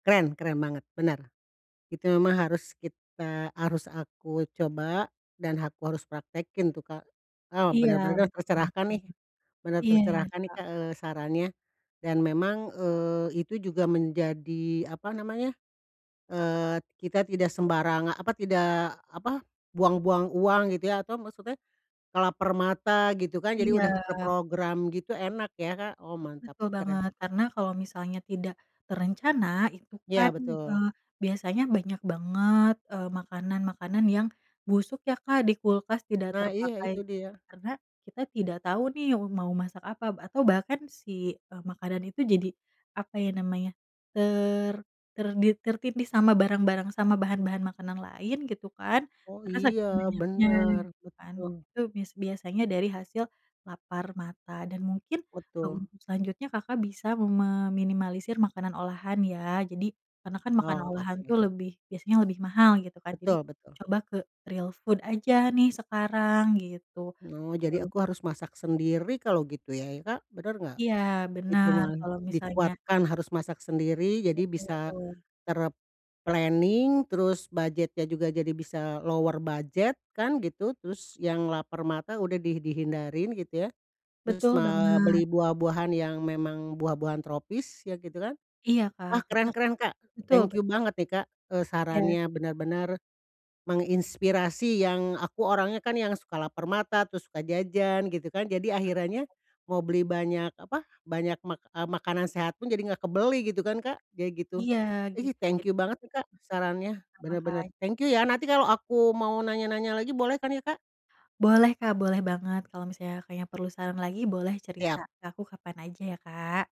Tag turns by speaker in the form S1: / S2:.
S1: Keren keren banget bener, itu memang harus kita harus aku coba, dan aku harus praktekin tuh, Kak, ah,
S2: Iya
S1: bener bener deh
S2: betul banget,
S1: tercerahkan, nih bener
S2: iya iya,
S1: tercerahkan nih
S2: Kak.
S1: Kak, eee, sarannya, dan memang, eee, itu juga menjadi, apa namanya eee, kita tidak sembarang apa, tidak apa, buang-buang uang gitu ya atau maksudnya, lapar mata gitu kan jadi udah
S2: Iya.
S1: terprogram gitu enak ya, Kak, oh mantap
S2: Betul
S1: keren.
S2: banget, karena kalau misalnya tidak, terencana itu
S1: Iya,
S2: kan,
S1: betul.
S2: eee, biasanya banyak banget, eee, makanan-makanan yang busuk ya, Kak, di kulkas tidak
S1: Nah iya
S2: terpakai,
S1: itu dia.
S2: karena kita tidak tahu nih wu mau masak apa atau bahkan si, eee, makanan itu jadi apa ya namanya, ter ternit tertindih sama barang-barang sama bahan-bahan makanan lain gitu kan,
S1: Oh
S2: karena
S1: iya
S2: saking banyaknya
S1: benar
S2: gitu kan
S1: betul.
S2: itu bis biasanya dari hasil, lapar mata dan mungkin
S1: Betul.
S2: untuk selanjutnya, Kakak, bisa meminimalisir makanan olahan ya jadi karena kan makanan
S1: Oh
S2: olahan itu
S1: oke.
S2: lebih biasanya lebih mahal gitu kan jadi
S1: Betul betul.
S2: coba ke real food aja nih sekarang gitu.
S1: Oh jadi
S2: [unintelligible]
S1: aku harus masak sendiri kalau gitu ya ya, Kak, bener nggak?
S2: Iya
S1: Itu
S2: bener
S1: mah
S2: kalau misalnya
S1: dikuatkan harus masak sendiri jadi bisa,
S2: Betul.
S1: ter-planning terus budgetnya juga jadi bisa lower budget kan gitu terus yang lapar mata udah di dihindarin gitu ya, terus
S2: Betul
S1: ma
S2: banget.
S1: beli buah-buahan yang memang buah-buahan tropis ya gitu kan,
S2: Iya, Kak,
S1: wah
S2: karena
S1: keren keren, Kak,
S2: betul
S1: thank you
S2: bet
S1: banget nih, Kak, eee,
S2: Iya.
S1: sarannya bener-bener, menginspirasi yang aku orangnya kan yang suka lapar mata terus suka jajan gitu kan jadi akhirannya,
S2: [unintelligible]
S1: mau beli banyak apa, banyak mak eee, makanan sehat pun jadi nggak kebeli gitu kan, Kak, kayak gitu,
S2: Iya
S1: ihi
S2: gitu
S1: thank
S2: jadi
S1: you banget nih, Kak, sarannya
S2: Sama-sama,
S1: bener bener
S2: Kak.
S1: thank you ya nanti kalau aku mau nanya-nanya lagi boleh kan ya, Kak?
S2: Boleh, Kak, boleh banget kalau misalnya, Kakaknya, perlu saran lagi boleh
S1: Siap.
S2: cerita ke aku kapan aja ya, Kak.